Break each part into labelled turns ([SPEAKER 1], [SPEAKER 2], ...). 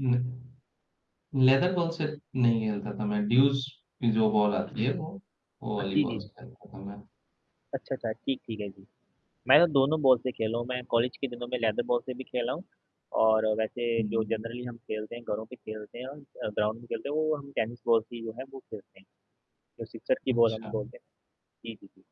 [SPEAKER 1] नहीं leather ball से नहीं खेलता था मैं, ड्यूस की जो बॉल आती है वो वो
[SPEAKER 2] अ,
[SPEAKER 1] वाली
[SPEAKER 2] जी,
[SPEAKER 1] बॉल
[SPEAKER 2] जी,
[SPEAKER 1] से
[SPEAKER 2] जी।
[SPEAKER 1] खेलता था मैं।
[SPEAKER 2] अच्छा, अच्छा, ठीक ठीक है जी। मैं तो दोनों बॉल से खेला हूँ। मैं कॉलेज के दिनों में लेदर बॉल से भी खेला हूँ, और वैसे जो
[SPEAKER 1] हुँ।
[SPEAKER 2] जनरली हम खेलते हैं घरों पे खेलते हैं और अ, ग्राउंड में खेलते हैं वो हम टेनिस बॉल की जो है वो खेलते हैं। जो सिक्सर की बॉल हम
[SPEAKER 1] अच्छा।
[SPEAKER 2] बोलते हैं। जी, जी, जी।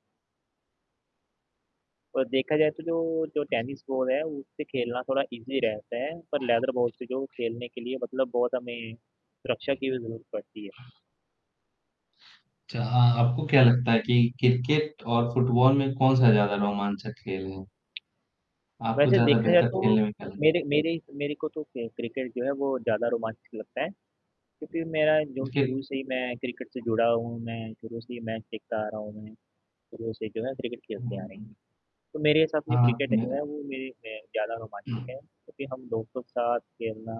[SPEAKER 2] और देखा जाए तो जो जो टेनिस बॉल है, उससे खेलना थोड़ा ईज़ी रहता है पर लेदर बॉल से जो खेलने के लिए मतलब बहुत हमें, सुरक्षा की भी ज़रूरत पड़ती है।
[SPEAKER 1] अच्छा हाँ, आपको क्या लगता है कि क्रिकेट और फुटबॉल में कौन-सा ज़्यादा रोमांचक खेल है? आपको
[SPEAKER 2] वैसे
[SPEAKER 1] ज़्यादा
[SPEAKER 2] देखा जाए
[SPEAKER 1] बेहतर
[SPEAKER 2] तो,
[SPEAKER 1] खेलने में क्या ल
[SPEAKER 2] मेरे मेरे, मेरे को तो क क्रिकेट जो है वो ज़्यादा रोमांचक लगता है। क्योंकि मेरा जो शुरू
[SPEAKER 1] क्रिकेट।
[SPEAKER 2] से ही मैं क्रिकेट से जुड़ा हूँ, मैं शुरू से ही मैच देखता आ रहा हूँ मैं शुरू से जो है क्रिकेट
[SPEAKER 1] हुँ,
[SPEAKER 2] खेलते आ
[SPEAKER 1] हुँ,
[SPEAKER 2] रहें।
[SPEAKER 1] हुँ।
[SPEAKER 2] तो मेरे हिसाब से
[SPEAKER 1] हाँ, आती
[SPEAKER 2] क्रिकेट
[SPEAKER 1] है।
[SPEAKER 2] जो है वो मेरे अ, ज़्यादा रोमांचित है, क्योंकि हम दोस्तों के साथ खेलना,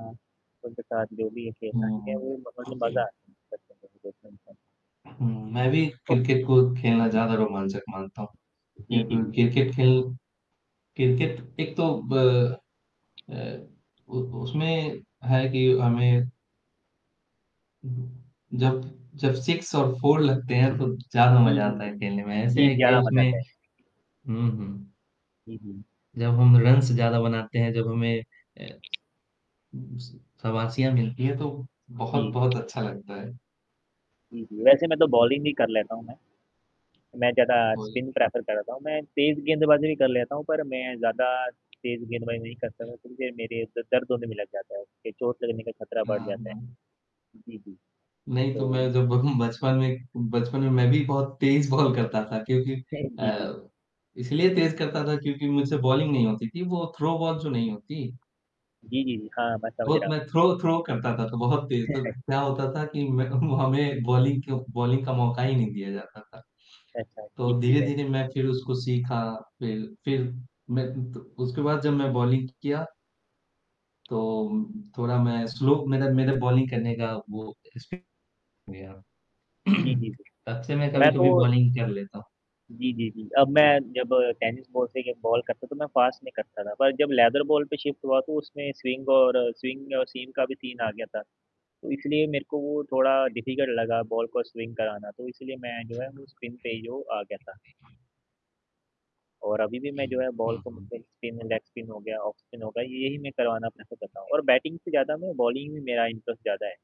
[SPEAKER 2] उनके साथ जो भी है खेलना, ठीक है
[SPEAKER 1] हुँ।
[SPEAKER 2] वो मतलब
[SPEAKER 1] ओके
[SPEAKER 2] मज़ा आता। [unintelligible]
[SPEAKER 1] हुँ, मैं भी क्रिकेट को खेलना ज़्यादा रोमांचक मानता हूँ। ये
[SPEAKER 2] जी, जी,
[SPEAKER 1] ब
[SPEAKER 2] जी।
[SPEAKER 1] क्रिकेट खेल क्रिकेट एक तो ब अ, उ उसमें है कि हमें जब जब सिक्स और फोर लगते हैं तो ज़्यादा
[SPEAKER 2] जी,
[SPEAKER 1] मज़ा
[SPEAKER 2] जी,
[SPEAKER 1] आता
[SPEAKER 2] जी।
[SPEAKER 1] है खेलने में। ऐसे
[SPEAKER 2] जी,
[SPEAKER 1] है कि
[SPEAKER 2] ज़्यादा मज़ा
[SPEAKER 1] उसमें
[SPEAKER 2] आता है।
[SPEAKER 1] हुँ, हुँ।
[SPEAKER 2] जी, जी।
[SPEAKER 1] जब हम रन्स ज़्यादा बनाते हैं, जब हमें अ, शाबाशियाँ मिलती हैं तो,
[SPEAKER 2] जी।
[SPEAKER 1] बहुत-बहुत अच्छा लगता है।
[SPEAKER 2] जी, जी वैसे मैं तो बॉलिंग भी कर लेता हूँ मैं। मैं ज़्यादा
[SPEAKER 1] वही।
[SPEAKER 2] स्पिन प्रेफ़र करता हूँ। मैं तेज़ गेंदबाज़ी भी कर लेता हूँ पर मैं ज़्यादा तेज़ गेंदबाज़ी नहीं कर सकता फिर जो मेरे द दर्द होने भी लग जाता है ए चोट लगने का खतरा बढ़
[SPEAKER 1] हाँ,
[SPEAKER 2] जाता है।
[SPEAKER 1] हाँ।
[SPEAKER 2] जी, जी।
[SPEAKER 1] नहीं, तो
[SPEAKER 2] तो
[SPEAKER 1] मैं जब बचपन में बचपन में मैं भी बहुत तेज बॉल करता था क्योंकि
[SPEAKER 2] सही जी, जी।
[SPEAKER 1] अ, इसलिए तेज़ करता था क्योंकि मुझसे बॉलिंग नहीं होती थी। वो थ्रो बॉल जो नहीं होती।
[SPEAKER 2] जी, जी, जी। हाँ, मैं समझ
[SPEAKER 1] बहुत
[SPEAKER 2] रहा
[SPEAKER 1] मैं
[SPEAKER 2] हूँ।
[SPEAKER 1] थ्रो थ्रो करता था तो बहुत तेज़ तो, क्या होता था कि मैं वो हमें बॉलिंग को बॉलिंग का मौका ही नहीं दिया जाता था।
[SPEAKER 2] अच्छा। ठीक
[SPEAKER 1] तो
[SPEAKER 2] ठीक है।
[SPEAKER 1] धीरे-धीरे मैं फिर उसको सीखा। फिर फिर मैं तो उसके बाद जब मैं बॉलिंग किया तो थोड़ा मैं स्लो मेरे मेरे बॉलिंग करने का वो स्पी हो गया।
[SPEAKER 2] जी, जी।
[SPEAKER 1] तब से मैं
[SPEAKER 2] मैं तो
[SPEAKER 1] कभी-कभी बॉलिंग कर लेता हूँ।
[SPEAKER 2] जी, जी, जी। अब मैं जब टेनिस बॉल से के बॉल करता तो मैं फ़ास्ट नहीं करता था। पर जब लेदर बॉल पे शिफ्ट हुआ तो उसमें स्विंग, और स्विंग और सीम का भी सीन आ गया था। तो इसलिए मेरे को वो थोड़ा डिफिकल्ट लगा बॉल को स्विंग कराना, तो इसलिए मैं जो है वो स्पिन पे ही जो आ गया था। और अभी भी मैं
[SPEAKER 1] हुँ,
[SPEAKER 2] जो है बॉल
[SPEAKER 1] हुँ,
[SPEAKER 2] को
[SPEAKER 1] हुँ।
[SPEAKER 2] मतलब स्पिन, लेग स्पिन हो गया ऑफ़ स्पिन हो गया, ये ही मैं करवाना प्रेफ़र करता हूँ और बैटिंग से ज़्यादा मैं बॉलिंग में मेरा इंटरेस्ट ज़्यादा है।